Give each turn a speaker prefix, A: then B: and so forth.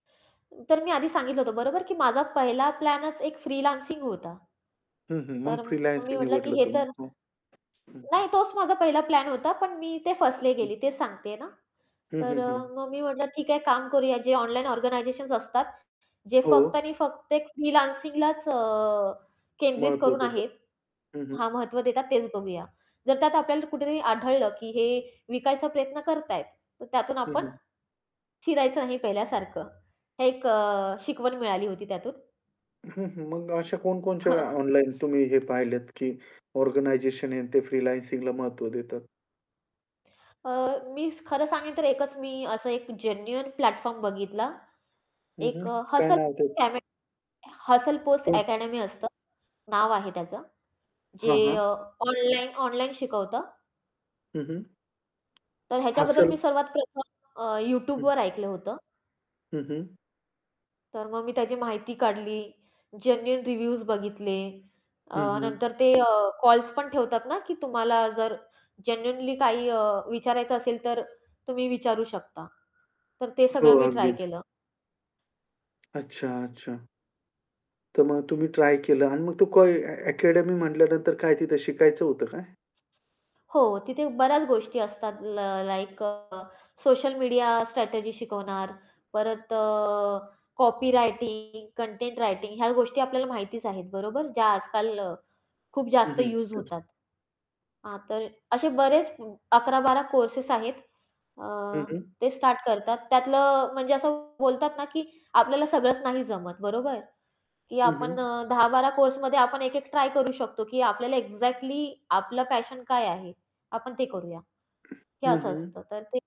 A: तर मी आधी सांगितलं होतं बरोबर? की माझा पहिला प्लॅनच एक फ्रीलान्सिंग होता.
B: हं, हं. मग
A: तर मग मी
B: फ्रीलान्सिंग हे
A: म्हटलं की
B: निवडलं
A: हे
B: तुम्ही.
A: तर
B: हो, हं, हं.
A: नाही तोच माझा पहिला प्लॅन होता, पण मी ते फसले
B: हं.
A: गेली तेच सांगतेय ना.
B: हं,
A: तर
B: हं,
A: अ,
B: हं.
A: मग मी म्हटलं ठीक आहे काम करूया जे ऑनलाईन ऑर्गनायझेशन्स असतात जे फक्त
B: हो.
A: आणि फक्त एक फ्रीलान्सिंगलाच अ, केंद्रित
B: महत्व
A: करून
B: देतं.
A: आहेत
B: हं, हं.
A: हां महत्त्व देतात तेच बघूया. जर त्यात आपल्याला कुठेतरी आढळलं की हे विकायचा प्रयत्न करतायेत. तर त्यातून
B: हं,
A: आपण
B: हं.
A: शिरायचं नाही पहिल्यासारखं. हे एक शिकवण अ, मिळाली होती त्यातून.
B: हं, हं. मग अशा कोणकोणच्या
A: हं.
B: ऑनलाईन तुम्ही हे पाहिलत की ऑर्गनायझेशन आहे ते फ्रीलान्सिंगला महत्त्व देतात?
A: अ, मी खरं सांगेन तर एकच मी असं एक जेन्युइन प्लॅटफॉर्म बघितला
B: हं,
A: एक
B: हं.
A: अ,
B: काय
A: हसल
B: नाव ते?
A: [unintelligible] हसल पोस्ट
B: पोत?
A: अकॅडमी असतं नाव आहे त्याचं, जे
B: हां, हां.
A: अ, ऑनलाईन ऑनलाईन शिकवतं.
B: हं, हं.
A: तर ह्याच्याबद्दल
B: हसल.
A: मी सर्वात प्रथम अ,
B: हं.
A: Youtubeवर ऐकलं होतं.
B: हं, हं.
A: तर मग मी त्याची माहिती काढली जेन्युइन रिव्ह्यूज बघितले अ,
B: हं, हं.
A: नंतर ते कॉल्स पण ठेवतात ना की तुम्हाला जर जेन्युइनली काही अ, विचारायचं असेल तर तुम्ही विचारू शकता. तर ते सगळं
B: हो
A: मी ट्राय
B: अगदीच.
A: केलं.
B: अच्छा, अच्छा. तर मग तुम्ही ट्राय केलं आणि मग तो को अकॅडमी म्हटल्यानंतर काय तिथे शिकायचं होतं काय?
A: हो, तिथे बऱ्याच गोष्टी असतात ल लाइक अ, सोशल मीडिया स्ट्रॅटेजी शिकवणार, परत अ, कॉपी रायटिंग, कंटेंट रायटिंग ह्या गोष्टी आपल्याला माहितीच आहेत बरोबर. ज्या आजकाल खूप
B: हं,
A: जास्त
B: हं.
A: युज
B: [unintelligible]
A: होतात. हां, तर असे बरेच 11-12 कोर्सेस आहेत अ,
B: हं, हं.
A: ते स्टार्ट करतात. त्यातलं म्हणजे असं बोलतात ना, की आपल्याला सगळंच नाही जमत बरोबर. की
B: हं,
A: आपण
B: हं.
A: अ, 10-12 कोर्समध्ये आपण एक-एक ट्राय करू शकतो, की आपल्याला एक्झॅक्टली आपलं पॅशन काय आहे आपण ते करूया. हे
B: हं,
A: असं
B: हं.
A: असतं तर ते